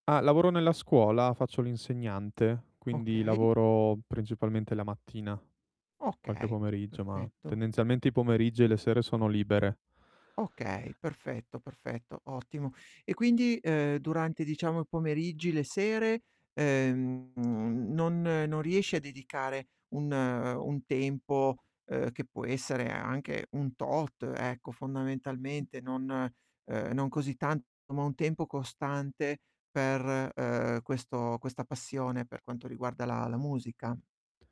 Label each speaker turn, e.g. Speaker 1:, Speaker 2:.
Speaker 1: Ah, lavoro nella scuola, faccio l'insegnante, quindi
Speaker 2: Okay.
Speaker 1: lavoro principalmente la mattina, qualche
Speaker 2: Okay,
Speaker 1: pomeriggio, ma
Speaker 2: perfetto.
Speaker 1: tendenzialmente i pomeriggi e le sere sono libere.
Speaker 2: Okay, perfetto, perfetto, ottimo. E quindi, ehm, durante diciamo i pomeriggi, le sere, ehm, mhmm, non non riesci a dedicare un un tempo, uhm, che può essere anche un tot, ecco
Speaker 1: M
Speaker 2: fondamentalmente, non uhm, non così tanto, ma un tempo costante per, ehm, questo questa passione, per quanto riguarda la la musica?